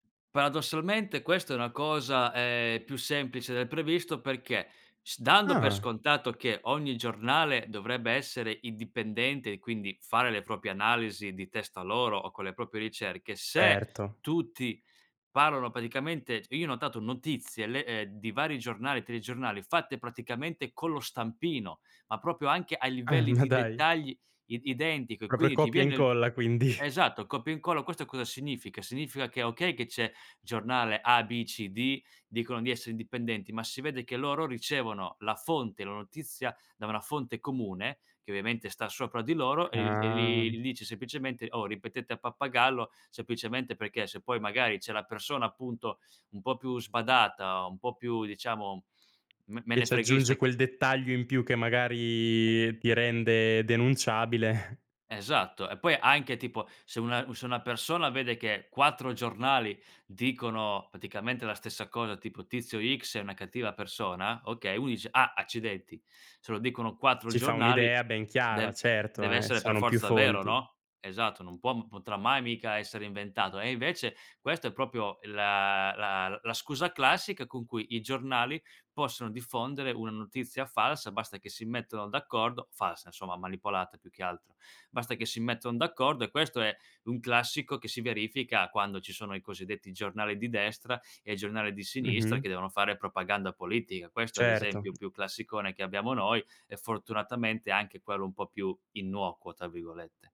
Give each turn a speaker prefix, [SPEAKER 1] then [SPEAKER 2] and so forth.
[SPEAKER 1] Paradossalmente questa è una cosa, ehm, più semplice del previsto perché s dando per
[SPEAKER 2] Ah.
[SPEAKER 1] scontato che ogni giornale dovrebbe essere indipendente e quindi fare le proprie analisi di testa loro o con le proprie ricerche, se
[SPEAKER 2] Certo.
[SPEAKER 1] tutti parlano praticamente c io ho notato notizie, le ehm, di vari giornali, telegiornali, fatte praticamente con lo stampino, ma proprio anche a
[SPEAKER 2] Ah,
[SPEAKER 1] livelli
[SPEAKER 2] ma
[SPEAKER 1] di
[SPEAKER 2] dai.
[SPEAKER 1] dettagli id identico e
[SPEAKER 2] Proprio
[SPEAKER 1] quindi ti
[SPEAKER 2] copia
[SPEAKER 1] viene
[SPEAKER 2] incolla quindi.
[SPEAKER 1] esatto, copia incolla. Questo cosa significa? Significa che, okay che c'è giornale a, b, c, d, dicono di essere indipendenti, ma si vede che loro ricevono la fonte, la notizia da una fonte comune che ovviamente sta sopra di loro e e
[SPEAKER 2] Ah.
[SPEAKER 1] li gli dice semplicemente: "Oh, ripetete a pappagallo." Semplicemente perché se poi magari c'è la persona, appunto, un po' più sbadata o un po' più, diciamo, me
[SPEAKER 2] E
[SPEAKER 1] menefreghista
[SPEAKER 2] c'aggiunge
[SPEAKER 1] che
[SPEAKER 2] quel dettaglio in più che magari ti rende denunciabile.
[SPEAKER 1] Esatto e poi anche tipo se una se una persona vede che 4 giornali dicono praticamente la stessa cosa tipo: "Tizio x è una cattiva persona" Okay, uno dice: "Ah accidenti se lo dicono 4
[SPEAKER 2] Si fa
[SPEAKER 1] giornali
[SPEAKER 2] un'idea ben chiara
[SPEAKER 1] dev
[SPEAKER 2] certo, eh,
[SPEAKER 1] dev'essere per
[SPEAKER 2] sono più
[SPEAKER 1] forza vero,
[SPEAKER 2] fonti.
[SPEAKER 1] no?" Esatto, non può potrà mai mica essere inventato e invece questo è proprio la la la scusa classica con cui i giornali possono diffondere una notizia falsa, basta che si mettano d'accordo; falsa insomma, manipolata più che altro, basta che si mettono d'accordo. E questo è un classico che si verifica quando ci sono i, cosiddetti, giornali di destra e giornali di sinistra
[SPEAKER 2] Mh-mh.
[SPEAKER 1] che devono fare propaganda politica. Questo è
[SPEAKER 2] Certo.
[SPEAKER 1] l'esempio più classicone che abbiamo noi e fortunatamente anche quello un po' più "innocuo" tra virgolette.